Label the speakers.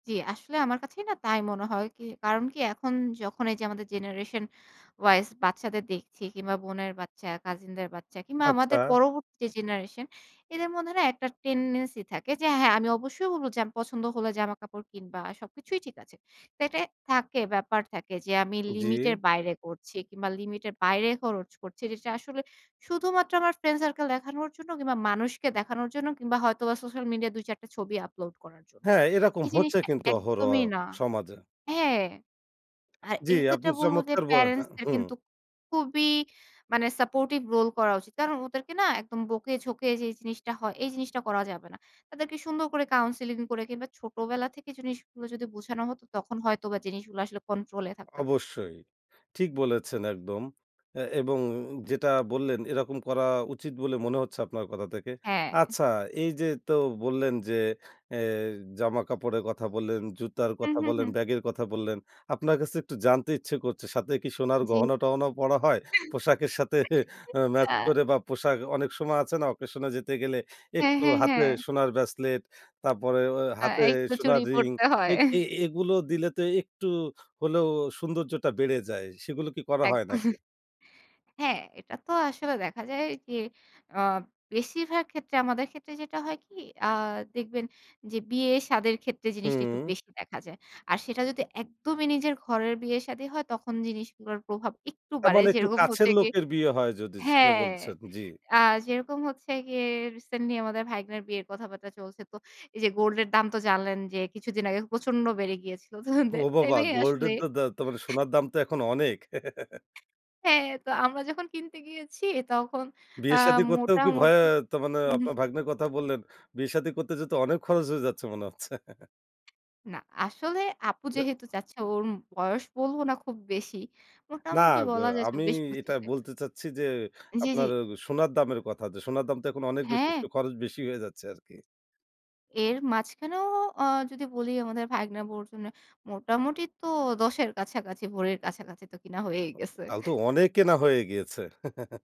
Speaker 1: জ্বি, আসলে আমার কাছেই না তাই মনে হয়ই, কারণ কি এখন যখন এই যে আমাদের জেনারেশন ওয়াইস বাচ্চাদের দেখছি কিংবা বোনের বাচ্চা, কাসিনদের বাচ্চা কিংবা
Speaker 2: আচ্ছা।
Speaker 1: আমাদের পরবর্তী যে জেনারেশন এদের মধ্যে না একটা টেনডেন্সি থাকে যে হ্যাঁ, আমি অবশ্যই বলব যে আমার পছন্দ হলে জামাকাপড় কিনবা সবকিছুই ঠিক আছে। তো এটা থাকে, ব্যাপার থাকে যে আমি
Speaker 2: জ্বি।
Speaker 1: লিমিট এর বাইরে করছি কিংবা লিমিট এর বাইরে খরচ করছি। যেটা আসলে শুধুমাত্র আমার ফ্রেন্ড সার্কেল দেখানোর জন্য কিংবা মানুষকে দেখানোর জন্য কিংবা হয়তোবা সোশ্যাল মিডিয়া ২ ৪ টা ছবি আপলোড করার জন্য,
Speaker 2: হ্যাঁ, এরকম
Speaker 1: এই
Speaker 2: হচ্ছে
Speaker 1: জিনিসটা
Speaker 2: কিন্তু অহরহ
Speaker 1: একদমই না
Speaker 2: সমাজে।
Speaker 1: হ্যাঁ। আর
Speaker 2: জ্বি
Speaker 1: এই ক্ষেত্রে
Speaker 2: আপনি
Speaker 1: বলবো যে
Speaker 2: চমৎকার ব আ
Speaker 1: প্যারেন্টস দের
Speaker 2: হুম।
Speaker 1: কিন্তু খুবই মানে সাপোর্টিভ রোল করা উচিত। কারণ ওদেরকে না একদম বকে ঝোঁকে যে জিনিসটা হয়। এই জিনিসটা করা যাবে না। তাদেরকে সুন্দর করে কাউন্সেলিং করে কিংবা ছোটবেলা থেকে জিনিসগুলো যদি বোঝানো হত তখন হয়তোবা জিনিসগুলো আসলে কন্ট্রোল এ থাকতে পারত।
Speaker 2: অবশ্যই, ঠিক বলেছেন একদম আ এবং যেটা বললেন এরকম করা উচিত বলে মনে হচ্ছে আপনার কথা থেকে।
Speaker 1: হ্যাঁ।
Speaker 2: আচ্ছা এই যে তো বললেন যে এ জামা কাপড়ের কথা বললেন, জুতার
Speaker 1: হু,
Speaker 2: কথা
Speaker 1: হু,
Speaker 2: বললেন,
Speaker 1: হু।
Speaker 2: ব্যাগের কথা বললেন। আপনার কাছে একটু জানতে ইচ্ছে করছে সাথে কি সোনার
Speaker 1: জ্বি।
Speaker 2: গহনা-টহনাও পরা হয়
Speaker 1: [unintelligible]
Speaker 2: পোশাকের সাথে আ ম্যাচ
Speaker 1: আ
Speaker 2: করে বা পোশাক, অনেক সময় আছে না অকেশনে যেতে গেলে
Speaker 1: হ্যাঁ,
Speaker 2: একটু
Speaker 1: হ্যাঁ,
Speaker 2: হাতে
Speaker 1: হ্যাঁ।
Speaker 2: সোনার ব্রেসলেট তারপরে ওই
Speaker 1: আ
Speaker 2: হাতে
Speaker 1: এই তো
Speaker 2: সোনার
Speaker 1: চুরি
Speaker 2: রিং
Speaker 1: পড়তে হয়।
Speaker 2: এ এ এগুলো দিলে তো একটু হলেও সৌন্দর্যটা বেড়ে যায় সেগুলো কি করা হয় নাকি?
Speaker 1: একদম। হ্যাঁ, এটা তো আসলে দেখা যায় যে আ বেশিরভাগ ক্ষেত্রে, আমাদের ক্ষেত্রে যেটা হয় কি আ দেখবেন যে বিয়ে-সাদের ক্ষেত্রে জিনিসটা একটু
Speaker 2: হুম।
Speaker 1: বেশি দেখা যায়। আর সেটা যদি একদমই নিজের ঘরের বিয়ে-সাদী হয় তখন জিনিসগুলোর প্রভাব একটু
Speaker 2: তার
Speaker 1: বাড়ে
Speaker 2: মানে একটু
Speaker 1: যেরকম
Speaker 2: কাছের
Speaker 1: হতে গিয়ে
Speaker 2: লোকের বিয়ে হয় যদি সেটা
Speaker 1: হ্যাঁ,
Speaker 2: বলছেন, জ্বি।
Speaker 1: আ যেরকম হচ্ছে গিয়ে রিসেন্টলি আমাদের ভাইগনার বিয়ের কথাবার্তা চলছে। তো এই যে গোল্ড এর দাম তো জানলেন যে কিছুদিন আগে প্রচন্ড বেড়ে গিয়েছিল। তো
Speaker 2: ও
Speaker 1: দ্যাট
Speaker 2: বাবা
Speaker 1: টাইমে আসলে
Speaker 2: গোল্ডের দা তো
Speaker 1: [unintelligible]
Speaker 2: সোনার দাম তো এখন অনেক।
Speaker 1: হ্যাঁ, তো আমরা যখন কিনতে গিয়েছি তখন আ
Speaker 2: বিয়ে-সাদি করতেও কি ভয়ে,
Speaker 1: মোটামুটি
Speaker 2: তো মানে
Speaker 1: হুম।
Speaker 2: আপনার ভাগ্নার কথা বললেন। বিয়ে-শাদি করতে যেহেতু অনেক খরচ হয়ে যাচ্ছে মনে হচ্ছে।
Speaker 1: না আসলে আপু
Speaker 2: দা
Speaker 1: যেহেতু চাচ্ছে ওর বয়স বলব না খুব বেশি।
Speaker 2: না
Speaker 1: মোটামুটি
Speaker 2: ব
Speaker 1: বলা যায়
Speaker 2: আমি
Speaker 1: চব্বিশ থেকে
Speaker 2: এটা
Speaker 1: পঁচিশ এ
Speaker 2: বলতে চাচ্ছি যে
Speaker 1: জ্বি,
Speaker 2: আপনার
Speaker 1: জ্বি।
Speaker 2: সোনার দামের কথা যে সোনার দাম তো এখন অনেক বেশি,
Speaker 1: হ্যাঁ।
Speaker 2: একটু খরচ বেশি হয়ে যাচ্ছে আরকি।
Speaker 1: এর মাঝখানেও আ যদি বলি আমাদের ভাইগনা বউর জন্য মোটামুটি তো ১০ এর কাছাকাছি, ভরির কাছাকাছি তো কিনা হয়েই গেছে।
Speaker 2: তাহলে তো অনেক কেনা হয়ে গিয়েছে।